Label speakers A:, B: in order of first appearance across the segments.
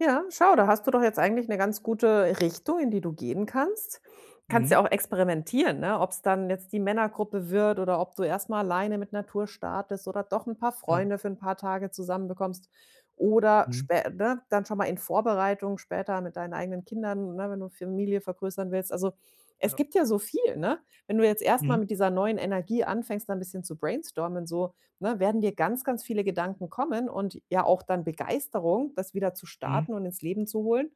A: Ja, schau, da hast du doch jetzt eigentlich 'ne ganz gute Richtung, in die du gehen kannst. Kannst ja
B: Mhm.
A: auch experimentieren, ne? Ob's dann jetzt die Männergruppe wird oder ob du erst mal alleine mit Natur startest oder doch 'n paar
B: Ja.
A: Freunde für 'n paar Tage zusammen bekommst oder
B: Mhm.
A: spä ne? Dann schon mal in Vorbereitung später mit deinen eigenen Kindern, ne? Wenn du Familie vergrößern willst. Also, es
B: Ja.
A: gibt ja so viel, ne? Wenn du jetzt erst mal
B: Mhm.
A: mit dieser neuen Energie anfängst, da 'n bisschen zu brainstormen so, ne? Werden dir ganz, ganz viele Gedanken kommen und ja auch dann Begeisterung, das wieder zu
B: Mhm.
A: starten und ins Leben zu holen.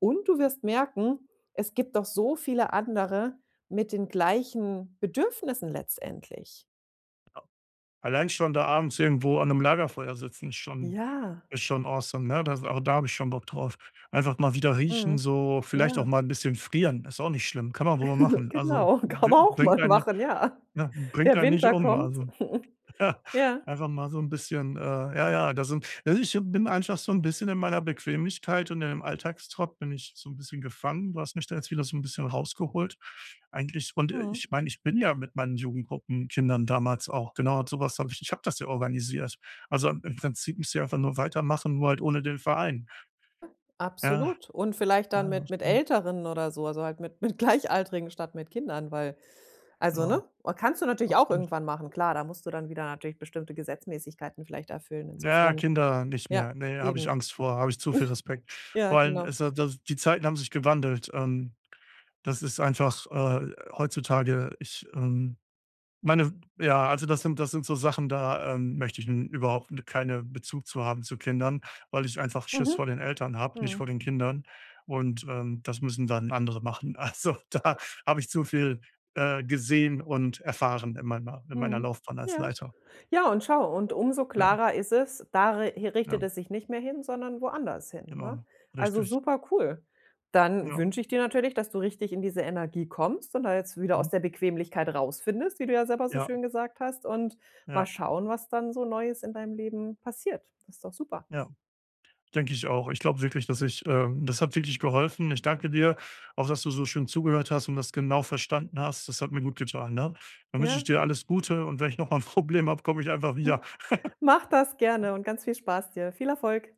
A: Und du wirst merken, es gibt doch so viele andere mit den gleichen Bedürfnissen letztendlich.
B: Allein schon da abends irgendwo an 'nem Lagerfeuer sitzen, ist schon
A: Ja.
B: ist schon awesome, ne? D da, also da hab ich schon Bock drauf. Einfach mal wieder riechen,
A: Mhm.
B: so, vielleicht
A: Ja.
B: auch mal 'n bisschen frieren, ist auch nicht schlimm, kann man wohl mal machen. Also,
A: Genau, kann
B: bri
A: man auch
B: bringt
A: mal
B: einen
A: machen, ja.
B: ja, bringt
A: Der
B: einen nicht
A: Winter
B: um,
A: kommt.
B: also.
A: Ja.
B: Einfach mal so 'n bisschen, äh, ja, ja da sind also, ich bin einfach so 'n bisschen in meiner Bequemlichkeit und in dem Alltagstrott bin ich so 'n bisschen gefangen. Du hast mich da jetzt wieder so 'n bisschen rausgeholt eigentlich, und, äh,
A: Mhm.
B: ich meine, ich bin ja mit meinen Jugendgruppen-Kindern damals auch genau und so was habe ich ich habe das ja organisiert. Also, im im Prinzip müsst ich einfach nur weitermachen, nur halt ohne den Verein. Ja.
A: Absolut. Und vielleicht dann
B: Ja. Das
A: mit mit
B: stimmt.
A: Älteren oder so, also halt mit mit Gleichaltrigen statt mit Kindern, weil also ne?
B: Genau.
A: Kannst du natürlich auch
B: Absolut.
A: irgendwann machen, klar, da musst du dann wieder natürlich bestimmte Gesetzmäßigkeiten vielleicht erfüllen.
B: Na ja,
A: Insofern
B: Kinder nicht
A: ja,
B: mehr. Ne, habe ich
A: eben.
B: Angst vor, habe ich zu viel Respekt.
A: Ja,
B: Vor allem,
A: genau.
B: es ist ja die die Zeiten haben sich gewandelt. Ähm, das ist einfach, äh, heutzutage ich, äh, meine, ja also das sind das sind so Sachen, da, ähm, möchte ich n überhaupt, ne keine Bezug zu haben zu Kindern, weil ich einfach Schiss
A: Mhm.
B: vor den Eltern habe, nicht
A: Mhm.
B: vor den Kindern. Und, ähm, das müssen dann andere machen. Also, da habe ich zu viel, äh, gesehen und erfahren in meiner in meiner
A: Mhm.
B: Laufbahn als
A: Ja.
B: Leiter.
A: Ja und schau, und umso
B: Ja.
A: klarer ist es, da re richtet
B: Mhm.
A: es sich nicht mehr hin, sondern woanders hin, ne?
B: Genau.
A: Also,
B: Richtig.
A: super cool. Dann
B: Ja.
A: wünsche ich dir natürlich, dass du richtig in diese Energie kommst und da jetzt wieder aus
B: Mhm.
A: der Bequemlichkeit rausfindest, wie du ja selber so
B: Ja.
A: schön gesagt hast und mal
B: Ja.
A: schauen, was dann so Neues in deinem Leben passiert. Das ist doch super.
B: Ja. Denke ich auch. Ich glaub wirklich, dass ich, ähm das hat wirklich geholfen. Ich danke dir. Auch, dass du so schön zugehört hast und das genau verstanden hast. Das hat mir gut getan, ne? Dann wünsch ich
A: Ja?
B: dir alles Gute und wenn ich noch mal 'n Problem habe, komm ich einfach wieder.
A: Mach das gerne und ganz viel Spaß dir. Viel Erfolg.